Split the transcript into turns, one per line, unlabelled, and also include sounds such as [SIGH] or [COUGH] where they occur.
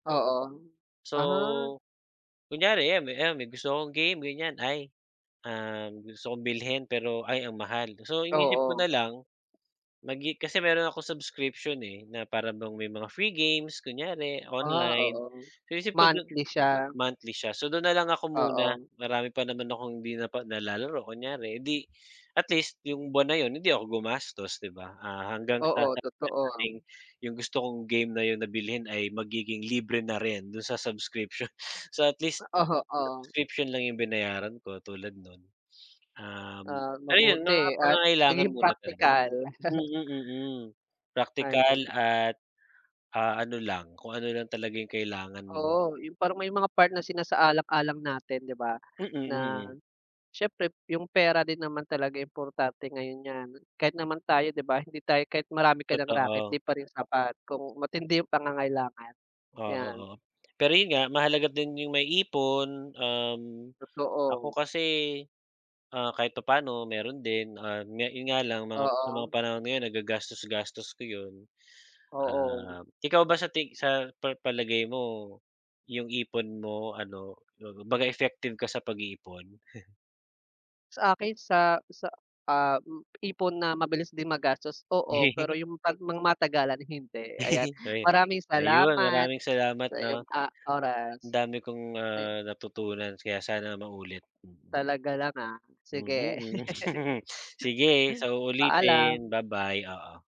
Oo. Ah.
So, kunyari 'yan, 'yan may gusto kong game ganiyan. Ay, ah, gusto kong bilhin pero, ay ang mahal. So inisip ko
Oo.
na lang. Mag i kasi meron akong subscription eh, na para bang may mga free games kunyari,
Ah,
online.
oo.
Inisip ko du
Monthly siya.
monthly siya. So dun na lang ako muna,
Oo.
marami pa naman akong hindi napag nalalaro kunyari 'di at least yung buwan na yun hindi ako gumastos, 'di ba. Ah, hanggang sa
Oo
[UNINTELLIGIBLE] maging
totoo.
yung gusto kong game na yun na bilhin ay magiging libre na rin dun sa subscription. So at least,
Oho, oo.
subscription lang yung binayaran ko tulad nun. Um,
Ah,
ayun mga
mabuti at
pangangailangan
naging
muna talaga.
praktikal. [CHUCKLES]
Mm, mm. Praktikal
Ayan.
at, ah, ano lang, kung ano lang talaga yung kailangan mo.
Oo, yung parang may mga part na sinasaalang-alang natin 'di ba.
Mm,
Na,
mm.
siyempre yung pera din naman talaga importante ngayon ‘yan. Kahit naman tayo 'di ba, hindi tayo kahit marami ka nang raket, 'di
Totoo.
pa rin sapat kung matindi yung pangangailangan.
Oo,
‘Yan.
oo. Pero yun nga, mahalaga din yung may ipon. Um, ako
Totoo.
kasi, ah, kahit papaano meron din, ah, yun nga lang mga sa mga
Oo.
panahon ngayon nagagastos-gastos ko yun,
Oo.
ah, ikaw ba sa ti sa pa palagay mo, yung ipon mo ano, kumbaga effective ka sa pag-iipon? [CHUCKLES]
Sa akin sa sa ah, ipon na mabilis din magastos oo, pero
[LAUGHS]
yung 'pag mga matagalan hindi. Ayan,
[LAUGHS] Ayu
maraming
ayun
salamat
maraming salamat
sa iyong,
'no.
ah,
Ang
oras.
dami kong,
Ay
ah, natutunan kaya sana maulit.
Talaga lang ah,
Mhm,
sige.
mhm. [CHUCKLES] Sige, sa
[LAUGHS]
uulitin.
Paalam.
Bye bye, oo.